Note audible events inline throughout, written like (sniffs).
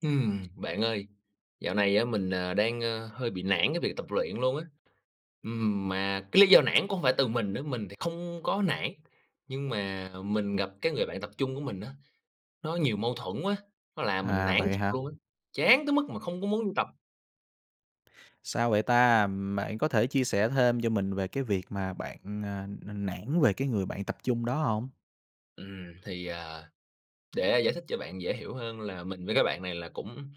Ừm, bạn ơi. Dạo này á, mình, ờ, đang, ơ, hơi bị nản cái việc tập luyện luôn á. Ừm, mà cái lý do nản cũng hông phải từ mình nữa, mình thì không có nản, nhưng mà mình gặp cái người bạn tập chung của mình á, nó nhiều mâu thuẫn quá, nó làm mình À, nản vậy thiệt hả? luôn á, chán tới mức mà không có muốn đi tập. Sao vậy ta? Ừm, bạn có thể chia sẻ thêm cho mình về cái việc mà bạn, à, nản về cái người bạn tập chung đó hông? Ừm, thì, à, để giải thích cho bạn dễ hiểu hơn là mình với cái bạn này là cũng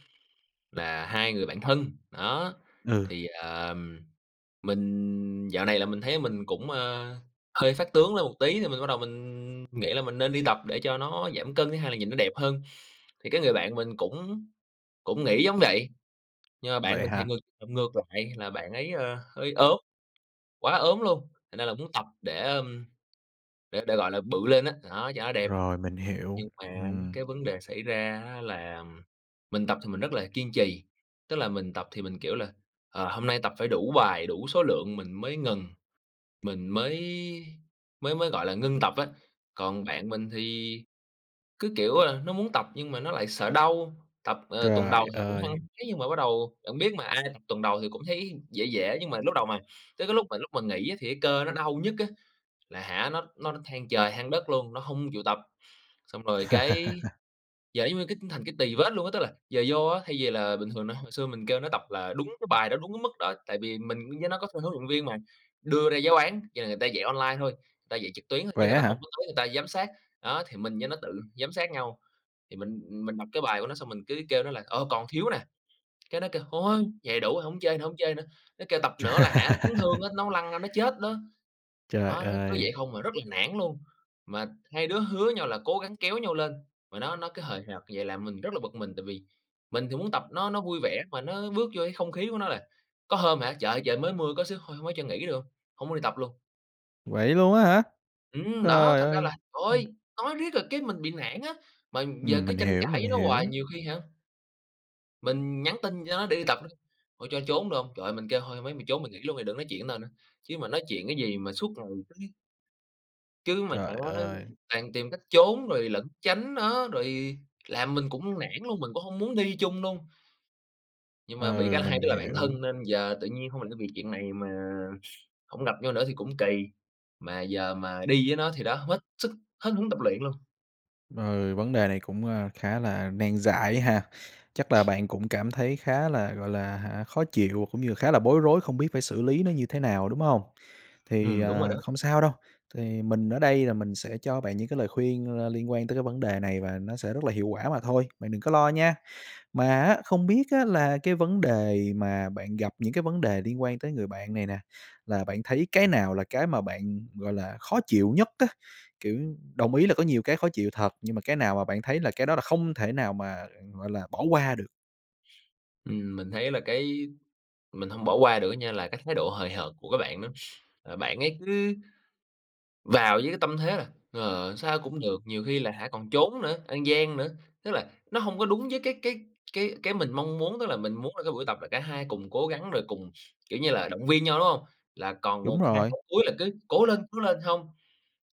là hai người bạn thân. Đó, Ừ. thì, ờm, mình dạo này là mình thấy mình cũng, ơ, hơi phát tướng lên một tí thì mình bắt đầu mình nghĩ là mình nên đi tập để cho nó giảm cân, thứ 2 là nhìn nó đẹp hơn, thì cái người bạn mình cũng cũng nghĩ giống vậy. Nhưng mà bạn Vậy mình thì hả? ngược ngược lại là bạn ấy, ơ, hơi ốm quá ốm luôn, thành ra là muốn tập để, ờm, để để, gọi là, bự lên á, đó, cho nó đẹp. Rồi, mình hiểu. Nhưng mà á Ừm. cái vấn đề xảy ra á là mình tập thì mình rất là kiên trì, tức là mình tập thì mình, kiểu là, ờ, hôm nay tập phải đủ bài, đủ số lượng mình mới ngừng, mình mới mới mới, gọi là, ngưng tập á, còn bạn mình thì cứ, kiểu, ơ, nó muốn tập nhưng mà nó lại sợ đau, tập, ờ, tuần Trời đầu thì cũng hăng ơi. hái nhưng mà bắt đầu bạn biết mà ai tập tuần đầu thì cũng thấy dễ dễ, nhưng mà lúc đầu mà tới cái lúc mà lúc mà nghỉ á thì cái cơ nó đau nhức á là, hả, nó nó than trời than đất luôn, nó hông chịu tập, xong rồi cái (laughs) giờ giống như cái thành cái tì vết luôn á, tức là giờ vô á, thay vì là bình thường nó hồi xưa mình kêu nó tập là đúng cái bài đó, đúng cái mức đó, tại vì mình với nó có thuê huấn luyện viên mà, đưa ra giáo án nhờ người ta dạy online thôi, người ta dạy trực tuyến thôi chứ Vậy người á ta hả? hông có tới người ta giám sát, đó thì mình với nó tự giám sát nhau thì mình mình đọc cái bài của nó xong mình cứ kêu nó là "Ờ, còn thiếu nè" cái nó kêu, "Thôi vậy đủ hổng chơi nữa, hổng chơi nữa" nó kêu tập nữa là, hả, nó chấn thương á, (laughs) nó lăn ra nó chết đó. Trời Đó, nó cứ ơi. vậy hông, à, rất là nản luôn, mà hai đứa hứa nhau là cố gắng kéo nhau lên, mà nó nó cứ hời hợt vậy làm mình rất là bực mình, tại vì mình thì muốn tập nó nó vui vẻ mà nó bước vô cái không khí của nó là, có hôm hả trời ơi trời mới mưa có xíu, "Thôi hông ấy cho nghỉ được hông?" Hông muốn đi tập luôn. Vậy luôn á hả? Ừm, đó, Trời thành ra ơi! là Ừm. thôi, nói riết là cái mình bị nản á, mà giờ Ừm, cứ mình tranh hiểu, cãi mình với nó hoài hiểu. nhiều khi, hả mình nhắn tin cho nó để đi tập đó. "Thôi cho trốn được hông?" Trời, mình kêu "Thôi, hông ấy mày trốn mày nghỉ luôn đi, đừng nói chuyện tao nữa, chứ mà nói chuyện cái gì mà suốt ngày cái" Chứ mà hả, Trời ơi. toàn tìm cách trốn rồi lẫn tránh nó rồi làm mình cũng nản luôn, mình cũng hông muốn đi chung luôn. Nhưng mà bị Ừ, cái hai mình đứa là bản hiểu. thân nên giờ tự nhiên hông mình phải vì chuyện này mà (sniffs) hông gặp nhau nữa thì cũng kỳ, mà giờ mà đi với nó thì đó hết sức hết hứng tập luyện luôn. Ừ, vấn đề này cũng, ơ, khá là nan giải ha. Chắc là bạn cũng cảm thấy khá là, gọi là, hả, khó chịu cũng như khá là bối rối không biết phải xử lý nó như thế nào, đúng hông? Thì, Ừm, đúng rồi đó. ờ, không sao đâu, thì mình ở đây là mình sẽ cho bạn những cái lời khuyên, ơ, liên quan tới cái vấn đề này và nó sẽ rất là hiệu quả mà thôi, bạn đừng có lo nha. Mà, á, không biết, á, là cái vấn đề mà bạn gặp những cái vấn đề liên quan tới người bạn này nè, là bạn thấy cái nào là cái mà bạn, gọi là, khó chịu nhất á? Kiểu, đồng ý là có nhiều cái khó chịu thật, nhưng mà cái nào mà bạn thấy là cái đó là không thể nào mà, ờ, gọi là, bỏ qua được? Ừm, mình thấy là cái mình hông bỏ qua được á nha, là cái thái độ hời hợt của cái bạn đó. Ờ, bạn ấy cứ vào với cái tâm thế là, ờ, sao cũng được, nhiều khi là hả còn trốn nữa, ăn gian nữa, tức là nó hông có đúng với cái cái cái cái mình mong muốn, tức là mình muốn là cái buổi tập là cả hai cùng cố gắng rồi cùng, kiểu như là, động viên nhau, đúng hông? Là còn Đúng một hai rồi. cái cuối là cứ "cố lên, cố lên", hông,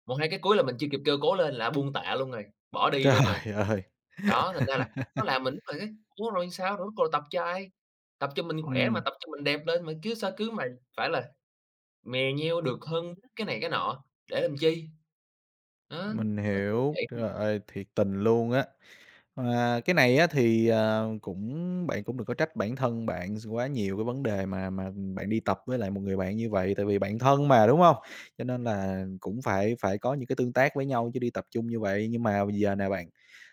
một hai cái cuối là mình chưa kịp kêu "cố lên" là nó buông tạ luôn rồi, bỏ đi luôn rồi. Trời ơi. Đó, thành ra là nó (laughs) làm mình lúc nào thấy "Ủa rồi sao? Rồi ruốt cuộc là tập cho ai? Tập cho mình khỏe mà, Ừm. tập cho mình đẹp lên mà cứ sao cứ mày phải là mè nheo được hơn cái này cái nọ, để làm chi?" Đó, Mình nó cứ hiểu. vậy không Trời à. ơi, thiệt tình luôn á. Ờ, cái này á thì, à, cũng bạn cũng đừng có trách bản thân bạn s quá nhiều cái vấn đề mà mà bạn đi tập với lại một người bạn như vậy tại vì bạn thân mà, đúng hông? Cho nên là cũng phải phải có những cái tương tác với nhau chứ đi tập chung như vậy. Nhưng mà giờ nè bạn,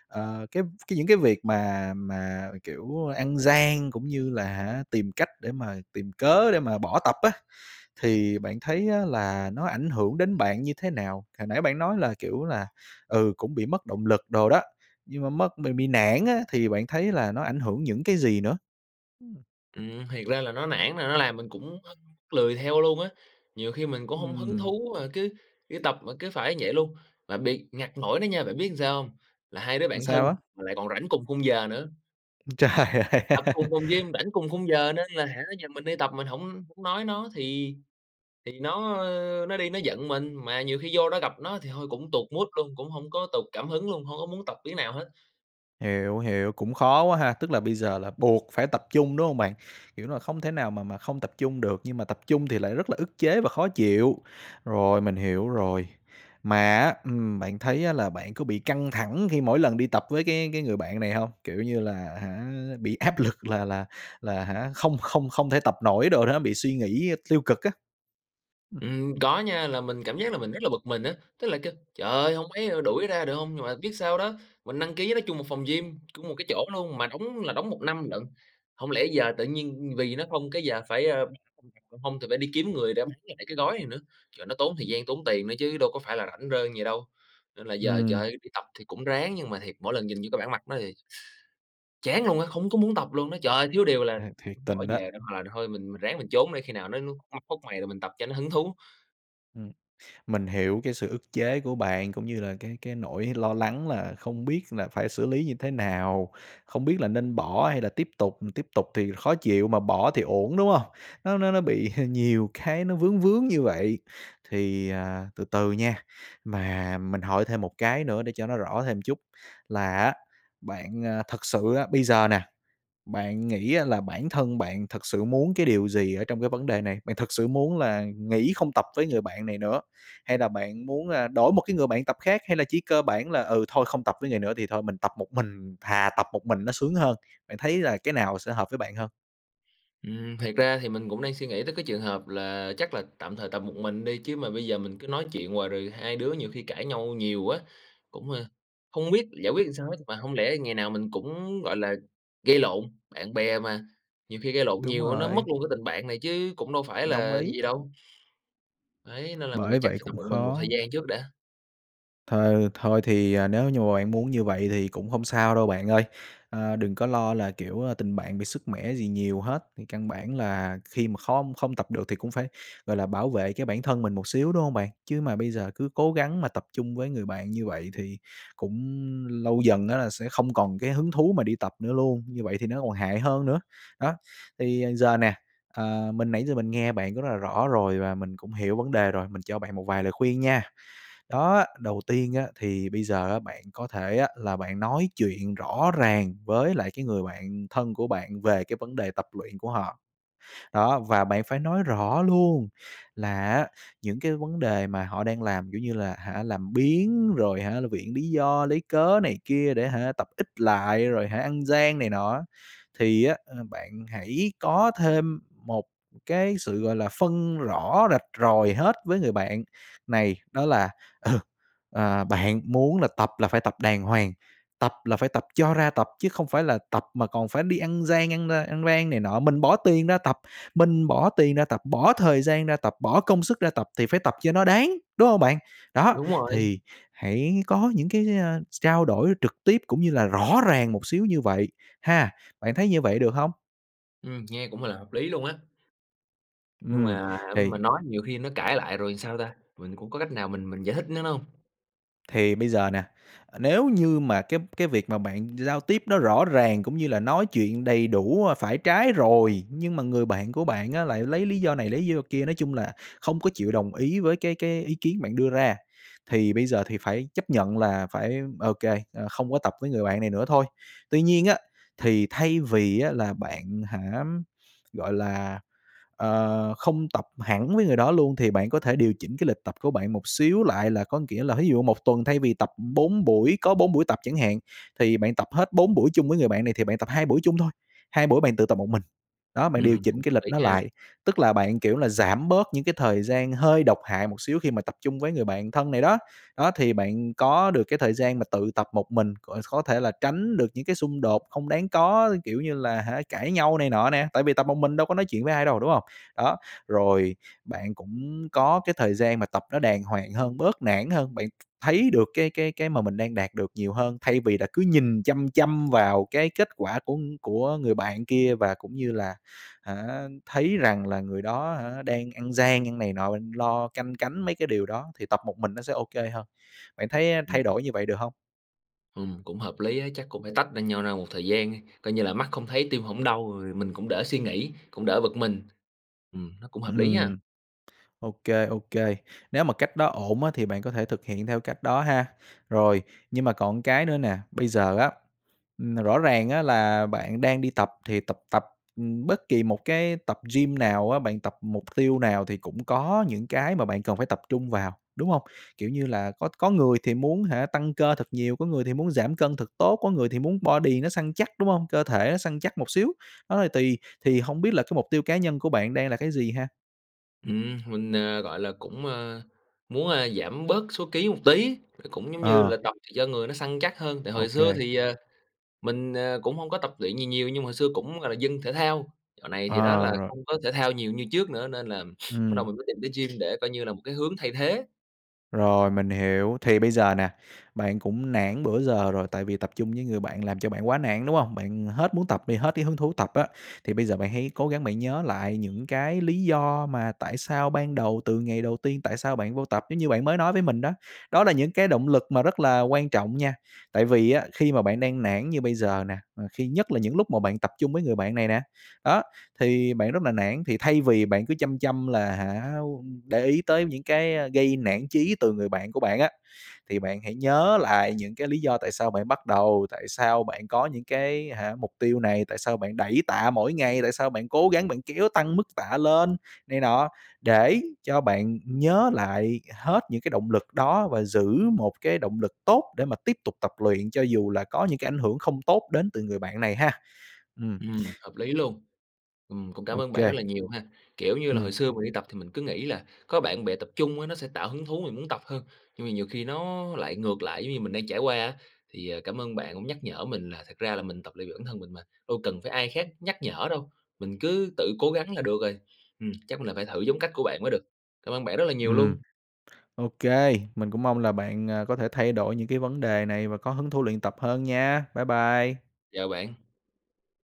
ờ, cái cái những cái việc mà mà, kiểu, ăn gian cũng như là, hả, tìm cách để mà tìm cớ để mà bỏ tập á. Thì bạn thấy á là nó ảnh hưởng đến bạn như thế nào? Hồi nãy bạn nói là, kiểu là, ừ, cũng bị mất động lực đồ đó, nhưng mà mất mình bị nản á thì bạn thấy là nó ảnh hưởng những cái gì nữa? Ừm. Ừm, thiệt ra là nó nản là nó làm mình cũng, ơ, lười theo luôn á. Nhiều khi mình cũng hông hứng Ừm. thú mà cứ đi tập mà cứ phải vậy luôn. Mà bị ngặt nỗi đó nha, bạn biết sao hông? Là hai đứa Ừm, bạn thân sao á? mà lại còn rảnh cùng khung giờ nữa. Ưm, trời ơi! Tập cùng (laughs) phòng gym, rảnh cùng khung giờ nên là, hả, giờ mình đi tập mình hổng hổng nói nó thì thì nó, ơ, nó đi nó giận mình. Mà nhiều khi vô đó gặp nó thì thôi cũng tụt mood luôn, cũng hông có tụt cảm hứng luôn, hông có muốn tập miếng nào hết. Hiểu, hiểu, cũng khó quá ha. Tức là bây giờ là buộc phải tập chung, đúng hông bạn? Kiểu là không thể nào mà mà không tập chung được, nhưng mà tập chung thì lại rất là ức chế và khó chịu, rồi, mình hiểu rồi. Mà á, ừm, bạn thấy là bạn có bị căng thẳng khi mỗi lần đi tập với cái cái người bạn này hông? Kiểu như là, hả, bị áp lực là là là, hả, không không không thể tập nổi đồ đó, bị suy nghĩ tiêu cực á. Ừm. Ừm, có nha, là mình cảm giác là mình rất là bực mình á. Tức là kêu: "Trời ơi, hông ấy đuổi ra được hông?" Nhưng mà biết sao đó, mình đăng ký nó chung một phòng gym cũng một cái chỗ luôn, mà đóng là đóng 1 năm lận, hông lẽ giờ tự nhiên, ưm, vì nó không cái giờ phải, ơ (unintelligible) hông thì phải đi kiếm người để bán lại cái gói này nữa. Trời, nó tốn thời gian, tốn tiền nữa chứ đâu có phải là rảnh rang gì đâu. Nên là giờ, trời Ừm. ơi, đi tập thì cũng ráng nhưng mà thiệt, mỗi lần nhìn vô cái bản mặt nó thì (inhales) chán luôn á, không có muốn tập luôn đó. Trời ơi, thiếu điều là À, thiệt bỏ tình đó. về để mà thôi mình mình ráng mình trốn đi, khi nào nó nó nó khuất mày rồi mình tập cho nó hứng thú. Ừm, mình hiểu cái sự ức chế của bạn cũng như là cái cái nỗi lo lắng là không biết là phải xử lý như thế nào, không biết là nên bỏ hay là tiếp tục, tiếp tục thì khó chịu mà bỏ thì uổng, đúng hông? Nó nó nó bị (chuckles) nhiều cái nó vướng vướng như vậy, thì, à, từ từ nha. Mà mình hỏi thêm một cái nữa để cho nó rõ thêm một chút là á, bạn, a, thực sự á, bây giờ nè, bạn nghĩ là bản thân bạn thực sự muốn cái điều gì ở trong cái vấn đề này? Bạn thực sự muốn là nghỉ không tập với người bạn này nữa, hay là bạn muốn, a, đổi một cái người bạn tập khác, hay là chỉ cơ bản là, ừ, "Thôi không tập với người nữa thì thôi mình tập một mình, thà tập một mình nó sướng hơn." Bạn thấy là cái nào sẽ hợp với bạn hơn? Ừm, thiệt ra thì mình cũng đang suy nghĩ tới cái trường hợp là chắc là tạm thời tập một mình đi, chứ mà bây giờ mình cứ nói chuyện hoài rồi hai đứa nhiều khi cãi nhau nhiều á, cũng, ơ, hông biết giải quyết làm sao hết, mà hông lẽ ngày nào mình cũng, gọi là, gây lộn, bạn bè mà, nhiều khi gây lộn Đúng nhiều á, nó mất rồi. luôn cái tình bạn này chứ cũng đâu phải Đồng là ý. gì đâu. Đấy, nên là mình nghĩ Bởi chắc vậy phải tập cũng một mình một thời khó gian trước đã. Th thôi thì, ờ, nếu như mà bạn muốn như vậy thì cũng hông sao đâu bạn ơi. Ơ, đừng có lo là, kiểu, tình bạn bị sứt mẻ gì nhiều hết, thì căn bản là khi mà khom không tập được thì cũng phải, gọi là, bảo vệ cái bản thân mình một xíu, đúng hông bạn? Chứ mà bây giờ cứ cố gắng mà tập chung với người bạn như vậy thì cũng lâu dần á là sẽ không còn cái hứng thú mà đi tập nữa luôn, như vậy thì nó còn hại hơn nữa. Đó, thì giờ nè, à, mình nãy giờ mình nghe bạn rất là rõ rồi và mình cũng hiểu vấn đề rồi mình cho bạn một vài lời khuyên nha. Đó, đầu tiên á thì bây giờ bạn có thể á, là bạn nói chuyện rõ ràng với lại cái người bạn thân của bạn về cái vấn đề tập luyện của họ. Đó, và bạn phải nói rõ luôn là á, những cái vấn đề mà họ đang làm, kiểu như là, hả, làm biếng rồi, hả, là viện lý do, lấy cớ này kia để, hả, tập ít lại, rồi, hả, ăn gian này nọ. Thì á, a, bạn hãy có thêm một cái sự, gọi là, phân rõ rạch ròi hết với người bạn này, đó là, ừ, ờ, "Bạn muốn là tập là phải tập đàng hoàng, tập là phải tập cho ra tập chứ không phải là tập mà còn phải đi ăn gian ăn, ơ, ăn rang này nọ, mình bỏ tiền ra tập, mình bỏ tiền ra tập, bỏ thời gian ra tập, bỏ công sức ra tập thì phải tập cho nó đáng.", đúng hông bạn? Đó, Đúng rồi. thì hãy có những cái, ơ, trao đổi trực tiếp cũng như là rõ ràng một xíu như vậy ha, bạn thấy như vậy được hông? Ừm, nghe cũng là hợp lý luôn á. Nhưng Ừm, mà thì mình nói nhiều khi nó cãi lại rồi sao ta, mình cũng có cách nào mình mình giải thích với nó hông? thì bây giờ nè, nếu như mà cái cái việc mà bạn giao tiếp nó rõ ràng cũng như là nói chuyện đầy đủ, ơ, phải trái rồi, nhưng mà người bạn của bạn á lại lấy lý do này, lấy lý do kia, nói chung là, không có chịu đồng ý với cái cái ý kiến bạn đưa ra. Thì bây giờ thì phải chấp nhận là phải ô kê, ơ, không có tập với người bạn này nữa thôi. Tuy nhiên á, thì thay vì á là bạn hả, gọi là, ờ, không tập hẳn với người đó luôn thì bạn có thể điều chỉnh cái lịch tập của bạn một xíu lại, là có nghĩa là thí dụ 1 tuần thay vì tập 4 buổi có 4 buổi tập chẳng hạn thì bạn tập hết 4 buổi chung với người bạn này thì bạn tập 2 buổi chung thôi, 2 buổi bạn tự tập một mình. Đó, bạn điều Ừm, cũng chỉnh cái hợp lịch lý nó nha. lại, tức là bạn, kiểu là, giảm bớt những cái thời gian hơi độc hại một xíu khi mà tập chung với người bạn thân này đó. Đó thì bạn có được cái thời gian mà tự tập một mình, c có thể là tránh được những cái xung đột không đáng có, kiểu như là, hả cãi nhau này nọ nè. Tại vì tập một mình đâu có nói chuyện với ai đâu, đúng hông? Đó, rồi bạn cũng có cái thời gian mà tập nó đàng hoàng hơn, bớt nản hơn, bạn thấy được cái cái cái mà mình đang đạt được nhiều hơn, thay vì là cứ nhìn chăm chăm vào cái kết quả của của người bạn kia và cũng như là, hả, thấy rằng là người đó, hả, đang ăn gian ăn này nọ, bạn lo canh cánh mấy cái điều đó thì tập một mình nó sẽ ô kê hơn. Bạn thấy thay Ừm. đổi như vậy được hông? Ừm, cũng hợp lý á, chắc cũng phải tách ra nhau ra một thời gian đi, coi như là mắt không thấy, tim hổng đau, rồi mình cũng đỡ suy nghĩ, cũng đỡ bực mình. Ừm, nó cũng hợp lý ha. Ừm, ô kê, ô kê. Nếu mà cách đó ổn á, thì bạn có thể thực hiện theo cách đó ha. Rồi, nhưng mà còn cái nữa nè, bây giờ á, ừm, rõ ràng á, là bạn đang đi tập thì tập tập, ừm, bất kỳ một cái tập gym nào á, bạn tập mục tiêu nào thì cũng có những cái mà bạn cần phải tập trung vào, đúng hông? Kiểu như là, có có người thì muốn hả, tăng cơ thật nhiều, có người thì muốn giảm cân thật tốt, có người thì muốn body nó săn chắc, đúng hông? Cơ thể nó săn chắc một xíu, đó, thì tùy, thì hông biết là cái mục tiêu cá nhân của bạn đang là cái gì ha? Ừm, mình, ờ, gọi là, cũng, ơ, muốn, a, giảm bớt số ký một tí, cũng giống như Ờ. là tập cho người nó săn chắc hơn. Tại Ô hồi xưa kê. thì, ờ, mình, ờ, cũng hông có tập luyện gì nhiều, nhưng mà hồi xưa cũng, gọi là, dân thể thao. Dạo này thì đó, Ờ, là rồi. không có thể thao nhiều như trước nữa, nên là (sniffs) bắt đầu Ừm. mình mới tìm tới gym, để coi như là một cái hướng thay thế. Rồi, mình hiểu. Thì bây giờ nè, bạn cũng nản bữa giờ rồi, tại vì tập chung với người bạn làm cho bạn quá nản, đúng hông? Bạn hết muốn tập đi, hết cái hứng thú tập á, thì bây giờ, bạn hãy cố gắng bạn nhớ lại những cái lý do mà tại sao ban đầu, từ ngày đầu tiên, tại sao bạn vô tập, giống như bạn mới nói với mình đó. Đó là những cái động lực mà rất là quan trọng nha. Tại vì á, khi mà bạn đang nản như bây giờ nè, ừ, khi nhất là những lúc mà bạn tập chung với người bạn này nè, đó, thì bạn rất là nản. Thì thay vì bạn cứ chăm chăm là, hả, để ý tới những cái, a, gây nản chí từ người bạn của bạn á, thì bạn hãy nhớ lại những cái lý do tại sao bạn bắt đầu, tại sao bạn có những cái hả, mục tiêu này? Tại sao bạn đẩy tạ mỗi ngày? Tại sao bạn cố gắng, bạn kéo tăng mức tạ lên này nọ? Để cho bạn nhớ lại hết những cái động lực đó, và giữ một cái động lực tốt để mà tiếp tục tập luyện, cho dù là có những cái ảnh hưởng không tốt đến từ người bạn này ha. Ừm. Ừm, hợp lý luôn. Ừm, cũng cảm Ô ơn bạn rất kê. là nhiều ha. Kiểu như là, hồi Ừm. xưa mình đi tập, thì mình cứ nghĩ là có bạn bè tập chung á, nó sẽ tạo hứng thú, mình muốn tập hơn, nhưng mà nhiều khi nó lại ngược lại, giống như mình đang trải qua á, thì, à, cảm ơn bạn, cũng nhắc nhở mình, là thật ra là mình tập luyện vì bản thân mình mà, đâu cần phải ai khác nhắc nhở đâu, mình cứ tự cố gắng là được rồi. Ừm, chắc là phải thử giống cách của bạn mới được. Cảm ơn bạn rất là nhiều Ừm. luôn. Ô kê, mình cũng mong là bạn, ờ, có thể thay đổi những cái vấn đề này, và có hứng thú luyện tập hơn nha. Bye bye. Chào bạn.